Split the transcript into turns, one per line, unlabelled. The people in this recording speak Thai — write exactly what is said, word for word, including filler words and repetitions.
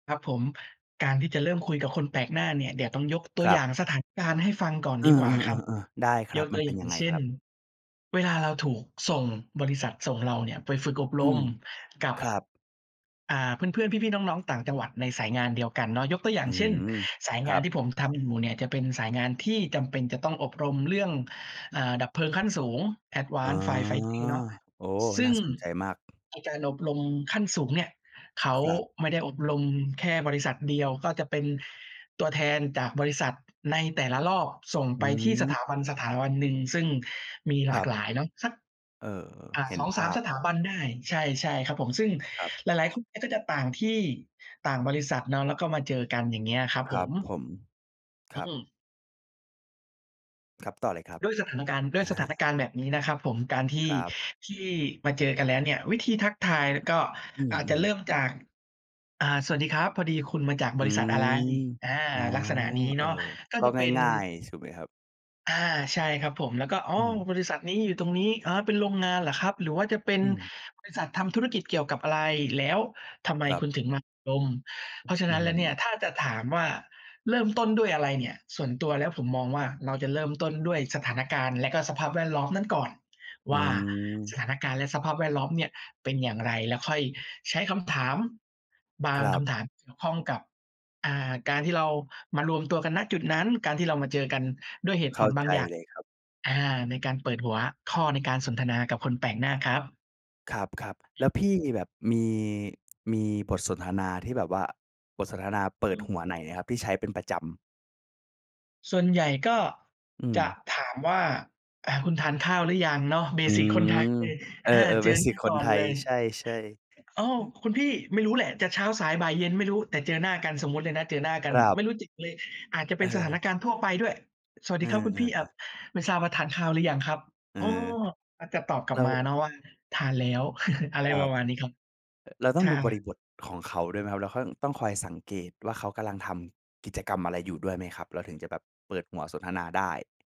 ครับผม การที่จะเริ่มคุยกับคนแปลกหน้าเนี่ย เดี๋ยวต้องยกตั
ค
ว
รั
อย
บ
่างสถานการณ์ให้ฟังก่อน
เอ
ดีกว่าครับ
อ ๆ ๆ ๆ ได้ค
ย
รับ
กต
มั
ั
น
ว
เ
อ
ป
ย
็
่
น
าง
ยังไง
เช่
คร
น
ับ?
เวลาเราถูกส่ง บริษัทส่งเราเนี่ยไปฝึกอบ
อ
ร
ื
ม
ม
กับ
ครับ
อ่า เพื่อน ๆ พี่ ๆ น้อง ๆ ต่างจังหวัดในสายงานเดียวกันเนาะ ยกตัวอย่า
อ
ง
ื้อ
เช
ฮ
่น
ือ
สาย
ค
ง
ร
า
ั
น
บ
ที่ผมทำอยู่เนี่ย จะเป็นสายงานที่จำเป็นจะต้องอบรมเรื่อง อ่า ดับเพลิงขั้นสูง
อ๋อ
Advance Fire Fighting เนาะ
โอ้
ซ
น
ึ่
่า
ง
สนใจมาก
ในการอบรมขั้นสูงเนี่ย เขา
ครับ
ไม่ได้อบรมแค่บริษัทเดียว ก็จะเป็นตัวแทนจากบริษัท ในแต่ละรอบส่ง
อ
ไ
ื
ปที่ส
ม
ถาบันสถาบันหนึ่ง ซึ่งมีห
ค
ล
ร
า
ั
ก
บ
หลายเนาะ สัก
เออ
อะ
เห็
ส
น
อง
ภ
สา
า
ม
พ
สถาบันได้ ใช่ ๆ ครับผม ซึ่ง
ครับ
หลาย ๆ คนเนี้ย ก็จะต่างที่ ต่างบริษัทเนาะ แล้วก็มาเจอกัน อย่างเงี้ยครับ
คร
ผ
ับ
ม
ผม ค
อื
รับ
ม
ครับ ต่อเลยครับ
ด้วยสถานการณ์ ด้ว
อ
ย
ะ
ส
ฮ
ถา
ะ
นการณ์แบบนี้นะครับผม การที
ค
่
รับ
ที่มาเจอกันแล้วเนี่ย วิธีทักทาย ล ก็
อื
อาจจะ
ม
เริ
ๆ
่มจาก อ่า "สวัสดีครับ พอดีคุณมาจาก
อ
บ
ื
ริษัท
ม
อะไร?" อา
อ๋อ
ลักษณะนี้
เอ
เ
่
น
อ
าะ ก็
ก็
จะเป็น
ง่าย ๆ ถูกไหมครับ?
อา ใช่ครับผม แล้วก็ "อ้
อ
อ
ืม
บริษัทนี้อยู่ตรงนี้ อ๋อ เป็นโรงงานเหรอครับ?" หรือว่าจะเป็น
อืม
"บริษัททำธุรกิจเกี่ยวกับอะไร? แล้วทำไม
ครั
ค
บ
ุณถึงมาอบรม?" เพราะฉะ
อื
นั้นแล้วเนี่
ม
ย ถ้าจะถามว่า เริ่มต้นด้วยอะไรเนี่ย? ส่วนตัวแล้วผมมองว่า เราจะเริ่มต้นด้วยสถานการณ์และก็สภาพแวดล้อมนั่นก่อน
อื
ว่า ส
ม
ถานการณ์และสภาพแวดล้อมเนี่ยเป็นอย่างไร? แล้วค่อยใช้คำถาม บา
ค
ง
รั
ค
บ
ำถามเกี่ยวข้องกับ อ่า การที่เรามารวมตัวกัน ณ จุดนั้น การที่เรามาเจอกันด้วยเหตุ
เข
ผ
้า
ลบ
ใ
า
จ
งอย่าง
เลยครับ
อา ในการเปิดหัวข้อในการสนทนากับคนแปลกหน้าครับ
ครับ ๆ
อื
แล
อ
้วพี่มีแบบ มี มีบทสนทนา ที่แบบว่า บทสนทนาเป
อ
ิ
ื
ดหัว
ม
ไหนครับ ที่ใช้เป็นประจำ?
ส่วนใหญ่ก็
อื
จะ
ม
ถามว่า อะ "คุณทานข้าวหรือยัง?" เนาะ เบ
อื
สิกคนไทย
ม
เลย
เอ
อ
อ
า
ๆ
เจ
เบ
อ
ส
หน
ิ
้
ก
า
ค
ก
น
่อ
ไ
น
ท
เ
ย
ลย
ใช่
โอ้
ๆ อือ
คุณพี่ ไม่รู้แหละจะเช้า สาย บ่าย เย็นไม่รู้ แต่เจอหน้ากัน สมมุติเลยนะเจอหน้ากั
ค
น
รั
ไม
บ
่รู้จิก เลย อาจจะเป
เ
็นสถาน
ออ
การณ์ทั่วไปด้วย "สวัส
เอ
ดีครับคุณพี่ เอ่
อ
อ
ๆ ๆ
ไม่ทราบว่าทานข้าวหรือยังครับ?"
เออ
อ้อ อาจจะตอบกลั
เร
บ
า
มาเนาะว่า "ทานแล้ว" อะไร
คร
ป
ั
ร
บ
ะมาณนี้ครับ
อ เราต้
ใ
อ
ช
งดูบริ
่
บทของเขาด้วยไหมครับ? แล้วค่อย ต้องคอยสังเกตว่าเขากำลังทำกิจกรรมอะไรอยู่ด้วยไหมครับ? เราถึงจะแบบเปิดหัวสนทนาได้